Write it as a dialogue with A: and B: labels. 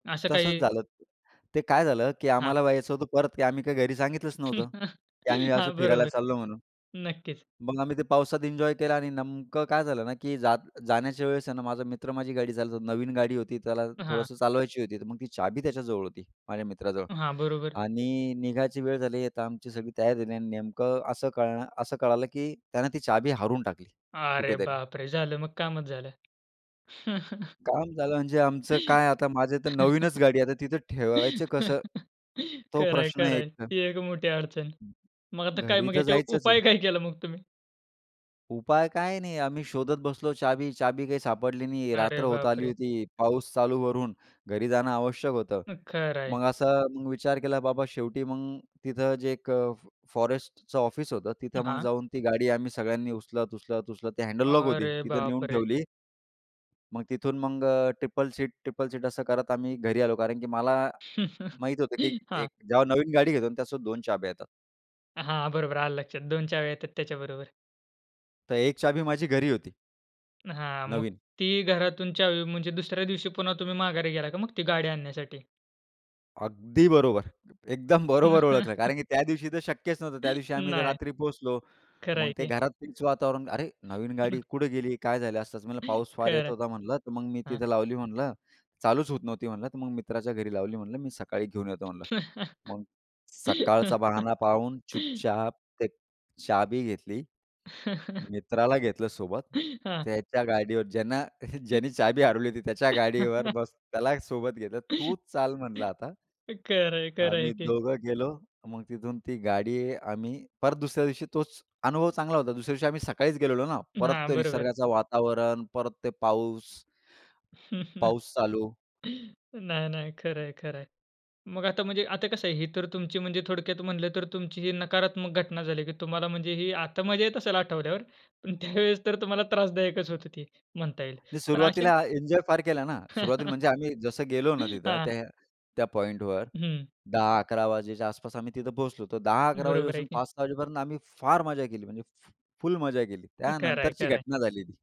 A: अशा
B: तसंच
A: काही?
B: झालं. ते काय झालं की
A: हां.
B: आम्हाला यायचं होतं परत आम्ही काही घरी सांगितलंच नव्हतं, की आम्ही अस
A: हां,
B: फिरायला
A: बरोबर,
B: चाललो म्हणून.
A: नक्कीच.
B: मग आम्ही ते पावसात एन्जॉय केला आणि नेमकं काय झालं ना की जात जाण्याच्या वेळेस आहे ना, माझा मित्र माझी गाडी चालतो नवीन गाडी होती त्याला
A: हां.
B: थोडंसं चालवायची होती तर मग ती चाबी त्याच्याजवळ होती, माझ्या मित्राजवळ
A: हां, बरोबर.
B: आणि निघायची वेळ झाली आता, आमची सगळी तयार झाली आणि नेमकं असं कळणं असं कळालं की त्यानं ती चाबी हारून टाकली
A: अरे
B: कुठेतरी.
A: बापरे! झालं मग कामच झालं.
B: काम झालं म्हणजे आमचं काय आता माझ्या तर नवीनच गाडी आहे. आता तिथं ठेवायचं कसं? तो
A: खरं आहे,
B: प्रश्न
A: खरं आहे.
B: एकतर.
A: ही एक मोठी अडचण. मग आता काय?
B: घरी
A: मग
B: तर
A: याच्यावर
B: जायचंच
A: उपाय
B: आहे.
A: काय केला मग तुम्ही?
B: उपाय काय नाही आम्ही शोधत बसलो चाबी. चाबी काही सापडली नाही. रात्र
A: अरे
B: होत आली
A: बापरे!
B: होती. पाऊस चालू वरून, घरी जाणं आवश्यक होतं.
A: खरं आहे.
B: मग असं मग विचार केला बाबा शेवटी मग तिथं जे एक फ फॉरेस्टचं ऑफिस होतं तिथं मग
A: हां.
B: जाऊन ती गाडी आम्ही सगळ्यांनी उचलत-उचलत-उचलत ते हँडल लॉक होती
A: अरे
B: तिथं नेऊन
A: बापरे!
B: ठेवली. मग तिथून मग ट्रिपल सीट ट्रिपल सीट असं करत आम्ही घरी आलो कारण की मला माहीत होतं की एक
A: हां.
B: जेव्हा नवीन गाडी घेतो आणि त्यासोबत 2 चाब्या येतात.
A: हां, बरोबर आलं लक्षात 2 चाव्या येतात त्याच्याबरोबर.
B: तर एक चाबी माझी घरी होती.
A: हां, मग
B: नवीन.
A: ती घरातून चावी म्हणजे दुसऱ्या दिवशी पुन्हा तुम्ही माघारी गेला का मग ती गाडी आणण्यासाठी?
B: अगदी बरोबर, एकदम बरोबर ओळखलं. कारण की त्या दिवशी तर शक्यच नव्हतं. त्या दिवशी आम्ही तर
A: नाही.
B: रात्री पोहोचलो.
A: खरं
B: मग
A: आहे
B: ते
A: की.
B: घरातच [unintelligible] वातावरण. "अरे! नवीन गाडी कुठे गेली? काय झालं?" असतच. म्हटलं, "पाऊस फार
A: खरं
B: येत होता म्हणलं तर मग मी
A: आहे, हं.
B: तिथे लावली म्हणलं चालूच होत नव्हती म्हणलं तर मग मित्राच्या घरी लावली म्हंटलं मी सकाळी घेऊन येतो म्हणलं." मग सकाळचा बाहाना पाहून चुपचाप ते चाबी घेतली. मित्राला घेतलं सोबत,
A: हां.
B: त्याच्या गाडीवर ज्यांना ज्यांनी चाबी हरवली होती त्याच्या गाडीवर बसून त्याला सोबत घेतलं. "तूच चाल म्हणलं आता."
A: खरं आहे, खरं आहे
B: आम्ही
A: की.
B: दोघं गेलो मग तिथून ती गाडी आम्ही परत दुसऱ्या दिवशी तोच अनुभव चांगला होता. दुसऱ्या दिवशी आम्ही सकाळीच गेलेलो ना परत
A: हां,
B: ते
A: बरोबर आहे.
B: निसर्गाचं वातावरण परत ते पाऊस. पाऊस चालू.
A: नाही-नाही. खरं आहे, खरं आहे. मग आता म्हणजे आता कसं आहे? ही तर तुमची म्हणजे थोडक्यात म्हटलं तर तुमची ही नकारात्मक घटना झाली, की तुम्हाला म्हणजे ही आता मजा येत असेल आठवल्यावर पण त्यावेळेस तर तुम्हाला त्रासदायकच होत ते म्हणता येईल.
B: मी
A: पण अशा
B: सुरुवातीला आ एन्जॉय फार केला ना, सुरुवातीला म्हणजे आम्ही जसं गेलो ना तिथं
A: हां.
B: त्या त्या पॉइंटवर
A: हं.
B: 10-11 वाजेच्या आसपास आम्ही तिथं पोहोचलो होतो. 10-11
A: बरोबर आहे
B: वाजेपासून
A: की.
B: 5-6 वाजेपर्यंत आम्ही फार मज्जा केली, म्हणजे फ फुल मजा केली.
A: खरं आहे,
B: त्यानंतरची
A: खरं आहे.
B: घटना झाली ती.